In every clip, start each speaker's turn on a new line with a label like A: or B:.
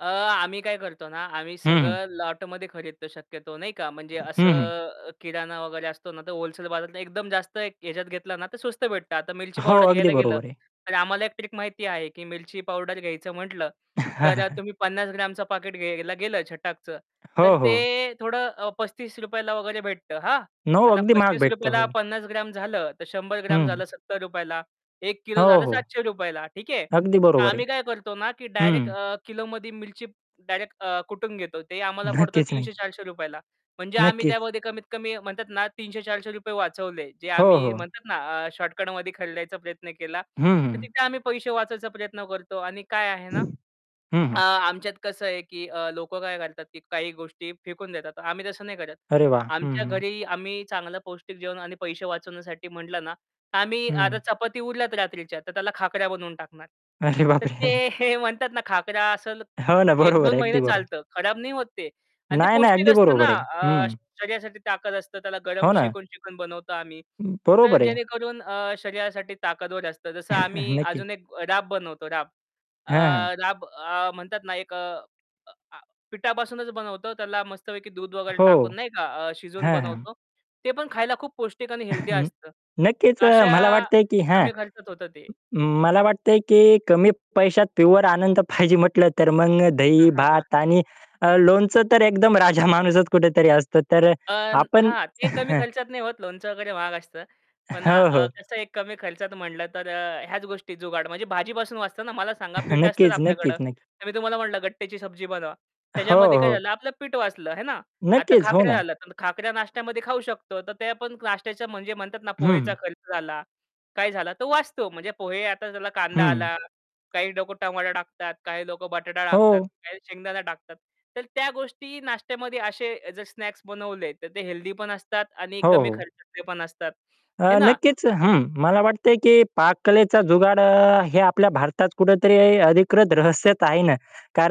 A: अ, आम्ही काय करतो ना आम्ही
B: हं, हं.
A: सगळं लॉटमध्ये खरीदतो शक्यतो नाही का, म्हणजे असं
B: हं, हं.
A: अ, किराणा वगैरे असतो ना तर होलसेल बाजारातला एकदम जास्त याच्यात घेतलं ना तर स्वस्त भेटतं आता मिरची
B: हो.
A: पावडर
B: अगदी
A: घ्यायला गेलं,
B: बरोबर आहे.
A: तर आम्हाला एक ट्रिक माहिती आहे की मिरची पावडर घ्यायचं म्हटलं, तर अ, तुम्ही 50 ग्रॅमचं पॅकेट घ्यायला गेलं छटाकचं, तर
B: हो, हो.
A: ते थोडं अ, ₹35 ला वगैरे भेटतं हां.
B: 9
A: आता
B: अगदी महाग
A: पस्तीस
B: भेटतं.
A: रुपये ला,
B: हो.
A: 50 ग्रॅम झालं, तर 100
B: हं,
A: ग्रॅम
B: हं.
A: झालं ₹70 ला 1 किलो
B: हो,
A: झालं
B: हो.
A: ₹700 ला ठीक आहे.
B: अगदी
A: तर
B: बरोबर आहे.
A: आम्ही काय करतो ना की डायरेक्ट
B: हं.
A: अ, किलोमध्ये मिरची डायरेक्ट अ, कुटून घेतो. ते आम्हाला पडतं
B: नक्कीच,
A: तीनशे
B: नक्की.
A: चारशे रुपये ला. म्हणजे आम्ही
B: नक्कीच.
A: त्यामध्ये कमीत कमी म्हणतात ना ₹300-₹400 वाचवले. जे
B: हो,
A: आम्ही
B: हो.
A: म्हणतात ना अ, शॉर्टकटमध्ये खरडायचा प्रयत्न केला.
B: हं,
A: तर
B: हं.
A: तिथे आम्ही पैसे वाचायचा प्रयत्न करतो आणि काय आहे ना
B: हं,
A: अ,
B: हं.
A: आमच्यात कसं आहे की अ, लोक काय करतात की काही गोष्टी फेकून देतात. आम्ही तसं नाही करत.
B: अरे वाह! हं,
A: आमच्या
B: हं.
A: घरी आम्ही चांगलं पौष्टिक जेवण आणि पैसे वाचवण्यासाठी म्हटलं ना, तर आम्ही आता
B: हं.
A: चपाती उरल्यात रात्रीच्या तर त्याला खाकऱ्या बनवून टाकणार.
B: अरे
A: तर
B: बाप रे!
A: ते हे म्हणतात ना खाकऱ्या असल
B: हो ना,
A: एक
B: बरोबर
A: दोन
B: आहे,
A: महिने
B: अगदी बरोबर.
A: चालतं खराब नाही होत ते. आणि ते
B: नाही, नाही.
A: पौष्टिक
B: अगदी
A: असतं ना
B: बरोबर आहे.
A: अ,
B: हं.
A: शरीरासाठी ताकद असतं त्याला गरम
B: हो ना.
A: शेकून-शेकून बनवतो आम्ही. तर
B: बरोबर आहे.
A: जेणेकरून अ, शरीरासाठी ताकदवर असतं, जसं आम्ही
B: नक्कीच.
A: अजून एक राब बनवतो राब. अ,
B: हं, हां.
A: राब अ, म्हणतात ना एक अ, अ, आ पिठापासूनच बनवतो त्याला मस्तपैकी दूध वगैरे
B: हो.
A: टाकून नाही का अ, शिजवून
B: हां, हां.
A: बनवतो. ते पण खायला खूप पौष्टिक आणि हेल्दी असतं.
B: नक्कीच
A: तर
B: अ,
A: अशा
B: मला वाटतंय की हां.
A: कमी खर्चात होतं ते.
B: मला वाटतंय की कमी पैशात प्युवर आनंद पाहिजे म्हटलं तर मग दही, भात आणि अ, लोणचं तर एकदम राजा माणूसच कुठेतरी असतो. तर
A: अन
B: आपण
A: हां. ते कमी खर्चात नाही होत, लोणचं वगैरे महाग असतं. पण आ
B: हो,
A: अ,
B: हो.
A: कसं आहे एक कमी खर्चात म्हटलं तर अ, ह्याच गोष्टी जुगाड. म्हणजे भाजीपासून वाचतं ना? मला सांगा पीठ असतंच
B: नक्कीच, नक्कीच,
A: आपल्याकडं.
B: नक्कीच.
A: तर मी तुम्हाला म्हणलं गट्टेची सब्जी बनवा.
B: हो,
A: त्याच्यामध्ये काय
B: हो.
A: झालं आपलं पीठ वाचलं है ना. आता
B: नक्कीच. हो
A: खाकऱ्या
B: ना.
A: झालं तर मग खाकऱ्या नाश्त्यामध्ये खाऊ शकतो. तर ते पण नाश्त्याचा म्हणजे म्हणतात ना पोहेचा
B: हं.
A: खर्च झाला, काय झाला, तो वाचतो. म्हणजे पोहे आता त्याला कांदा
B: हं.
A: आला, काही लोक टमाटो टाकतात, काही लोक बटाटा टाकतात,
B: हो.
A: काही शेंगदाणा टाकतात. तर त्या गोष्टी नाश्त्यामध्ये असे अ, जर स्नॅक्स बनवले तर ते हेल्दीपण असतात आणि
B: हो,
A: कमी
B: हो.
A: खर्चातले पण असतात.
B: अ,
A: है ना.
B: नक्कीच. हं, मला वाटतंय की पाककलेचा जुगाड अ, हे आपल्या भारतात कुठेतरी अधिकृत रहस्यत आहे ना.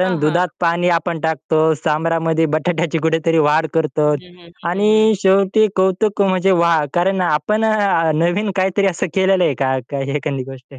A: हां, हां.
B: दुधात पाणी आपण टाकतो, सांबरामध्ये बटाट्याची कुठेतरी वाढ
A: हं,
B: करतो.
A: हं, हं, हं, हं.
B: आणि शेवटी कौतुक म्हणजे वाह! कारण आपण अ, नवीन काहीतरी असं केलेलं आहे का, का एखादी गोष्ट?